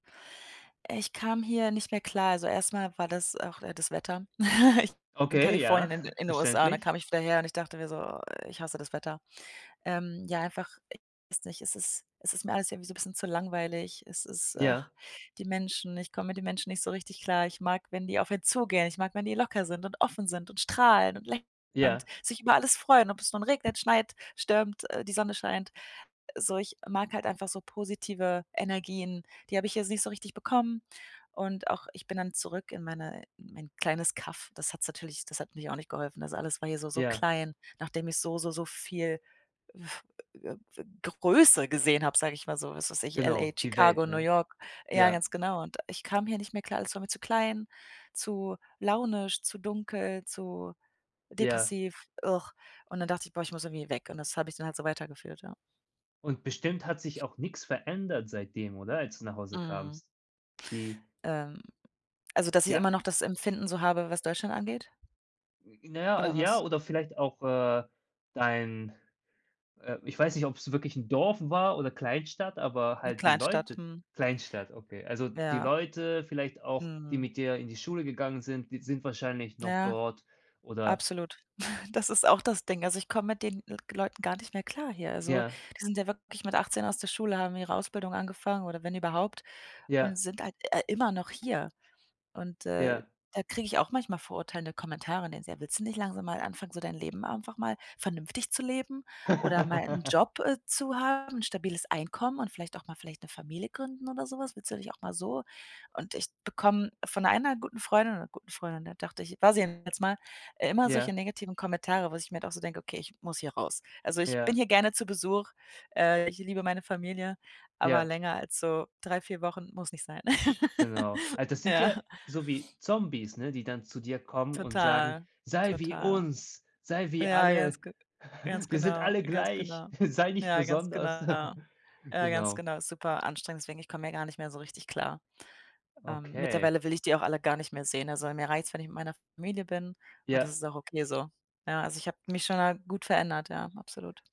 Ich kam hier nicht mehr klar. Also, erst mal war das auch, äh, das Wetter. Ich in Okay, ja Kalifornien, in in den USA und dann verständlich. kam ich wieder her und ich dachte mir so: „Ich hasse das Wetter.“ Ähm, ja, einfach, ich weiß nicht, es ist es ist mir alles irgendwie so 'n bisschen zu langweilig. Es ist Ja. ach, die Menschen, ich komme mit den Menschen nicht so richtig klar. Ich mag, wenn die auf einen zugehen. Ich mag, wenn die locker sind und offen sind und strahlen und lä und Ja. sich über alles freuen, ob es nun regnet, schneit, stürmt, äh die Sonne scheint. So, ich mag halt einfach so positive Energien. Die habe ich jetzt nicht so richtig bekommen und auch ich bin dann zurück in meine mein kleines Kaff. Das hat's natürlich das hat natürlich auch nicht geholfen. Das alles war hier so so Ja. klein, nachdem ich so so so viel, uff, äh, w äh, Größe gesehen habe, sage ich mal so, was weiß ich, LA, Genau, die Chicago, Welt, New ne? York ja, Ja. ganz genau und ich kam hier nicht mehr klar, alles war mir zu klein, zu launisch, zu dunkel, zu Ja. depressiv und dann dachte ich, boah, ich muss irgendwie weg und das habe ich dann halt so weitergeführt, ja. Und bestimmt hat sich auch nix verändert seitdem, oder, als du nach Hause Mhm. kamst? Die Ähm, also, dass ich immer Ja. noch das Empfinden so habe, was Deutschland angeht? Hm, na ja, ah Oder ja, was? oder vielleicht auch, äh, dein, äh ich weiß nicht, ob's wirklich 'n Dorf war oder Kleinstadt, aber 'Ne halt die Kleinstadt, Leute mhm. Kleinstadt, okay. Also, die Ja. Leute vielleicht auch, die Mhm. mit dir in die Schule gegangen sind, die sind wahrscheinlich noch Ja. dort oder Absolut. Das ist auch das Ding. Also, ich komme mit den [unintelligible] Leuten gar nicht mehr klar hier. Also, Ja. die sind ja wirklich mit 18 aus der Schule, haben ihre Ausbildung angefangen oder wenn überhaupt und Ja. sind halt, äh, immer noch hier und, äh, Ja. da kriege ich auch manchmal verurteilende Kommentare, ne so: „Ja, willst du nicht langsam mal anfangen, so dein Leben einfach mal vernünftig zu leben oder mal 'n Job, äh, zu haben, 'n stabiles Einkommen und vielleicht auch mal vielleicht 'ne Familie gründen oder so was? Willst du denn nicht auch mal so“ und ich bekomme von einer guten Freundin oder guten Freundin, da dachte ich, war sie zumindest mal, äh, immer solche Ja. negativen Kommentare, wo ich mir dann auch so denke: „Okay, ich muss hier raus.“ Also, ich bin Ja. hier gerne zu Besuch. Äh, ich liebe meine Familie, aber Ja. länger als so 3, 4 Wochen muss nicht sein. Genau. Also, das sind Ja. ja so wie Zombies, ne, die dann zu dir kommen und sagen: Total, „Sei wie total. uns, sei wie Ja, alle. ganz ge ganz Wir sind genau, alle ganz gleich, genau. sei nicht Ja, ganz genau. besonders.“ Ja, ganz Genau. genau, super anstrengend, deswegen, ich komme hier gar nicht mehr so richtig klar. Ähm, Okay. mittlerweile will ich die auch alle gar nicht mehr sehen, also, mir reicht's, wenn ich mit meiner Familie bin und das Ja. ist auch okay so. Ja, also, ich habe mich schon mal gut verändert, ja, absolut.